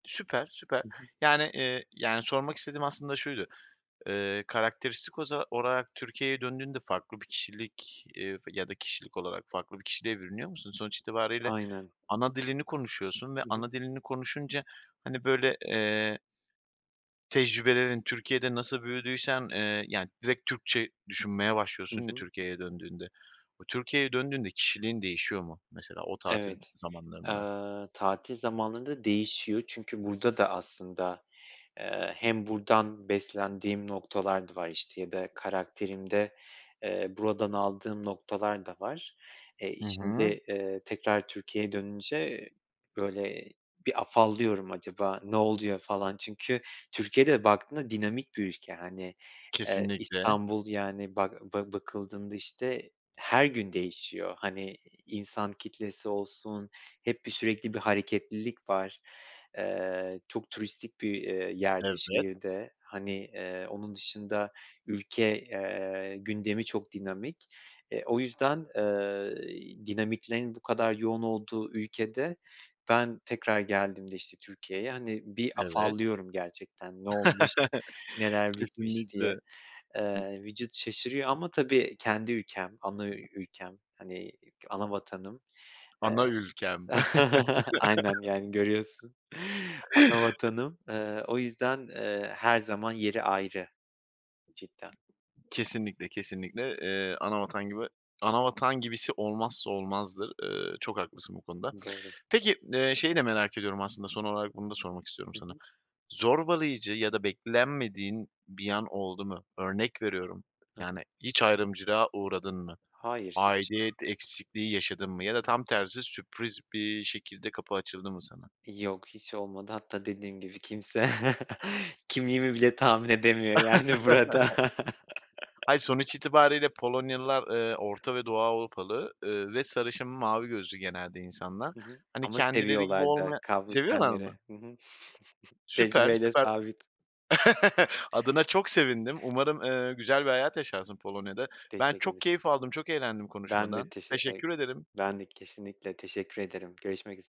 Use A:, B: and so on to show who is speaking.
A: Süper, süper,
B: Hı hı.
A: yani, eee, yani, sormak istediğim aslında şuydu: Iıı, karakteristik oza olarak Türkiye'ye döndüğünde farklı bir kişilik, ııı, v ya da kişilik olarak farklı bir kişiliğe bürünüyor musun? Sonuç itibarıyla
B: Aynen.
A: ana dilini konuşuyorsun ve
B: Hı hı.
A: ana dilini konuşunca, hani, böyle, eee s tecrübelerin Türkiye'de nasıl büyüdüysen, eee, yani, direkt Türkçe düşünmeye
B: Hı
A: başlıyorsun ya
B: hı.
A: Türkiye'ye döndüğünde. O Türkiye'ye döndüğünde kişiliğin değişiyor mu mesela o tatil
B: Evet, eee,
A: zamanlarında?
B: tatil zamanlarında değişiyor çünkü burada da aslında, eee, hem buradan beslendiğim noktalar da var, işte, ya da karakterimde, eee, buradan aldığım noktalar da var. Eee,
A: Hı hı.
B: içinde, eee, tekrar Türkiye'ye dönünce, böyle, bir afallıyorum, "Acaba ne oluyor?" falan çünkü Türkiye de baktığında dinamik bir ülke, hani, eee,
A: Kesinlikle.
B: İstanbul, yani, bak ba bakıldığında, işte, her gün değişiyor, hani, insan kitlesi olsun hep bir sürekli bir hareketlilik var. Eee, çok turistik bir, eee, yer de,
A: Evet.
B: şehir de, hani, eee, onun dışında ülke, eee, gündemi çok dinamik. Eee, yüzden, eee, dinamiklerin bu kadar yoğun olduğu ülkede ben tekrar geldiğimde, işte, Türkiye'ye, hani, bir
A: Evet.
B: afallıyorum gerçekten, "Ne olmuş, neler bitmiş?" diye.
A: Kesinlikle. I
B: Eee, vücut şaşırıyor ama, tabii, kendi ülkem, ana ü ülkem, hani, ana vatanım. Eee,
A: Ana ülkem.
B: aynen, yani, görüyorsun, ana vatanım. Eee, o yüzden, eee, her zaman yeri ayrı cidden.
A: Kesinlikle, kesinlikle, eee, ana vatan gibi ana vatan gibisi olmazsa olmazdır. Iıı, çok haklısın bu konuda.
B: Doğru.
A: Peki d eee, şeyi de merak ediyorum aslında: Son olarak bunu da sormak istiyorum
B: Hı
A: sana.
B: hı.
A: Zorbalayıcı ya da beklenmediğin bir an oldu mu? Örnek veriyorum,
B: Hı hı.
A: yani, hiç ayrımcılığa uğradın mı?
B: Hayır, hiç.
A: Aidiyet eksikliği yaşadın mı? Ya da tam tersi sürpriz bir şekilde kapı açıldı mı sana?
B: Yok, hiç olmadı. Hatta dediğim gibi kimse kimliğimi bile tahmin edemiyor, yani, burada.
A: Hayır, sonuç itibarıyla Polonyalılar, eee, Orta ve Doğu Avrupalı, ııı, ve sarışın mavi gözlü genelde insanlar.
B: Hı hı,
A: Hani,
B: ama
A: kendileri gibi
B: seviyorlar da
A: olmaya
B: kavruk
A: Seviyorlar mı?
B: tenleri. Hı hı.
A: Süper,
B: Tecrübeyle
A: süper.
B: sabit.
A: Adına çok sevindim. Umarım, ııı, güzel bir hayat yaşarsın Polonya'da. Ben
B: Teşekkür
A: çok
B: ede
A: keyif aldım, çok eğlendim
B: Ben de
A: konuşmadan.
B: teşe Eee,
A: Teşekkür ederim.
B: ben de kesinlikle. Teşekkür ederim, görüşmek üz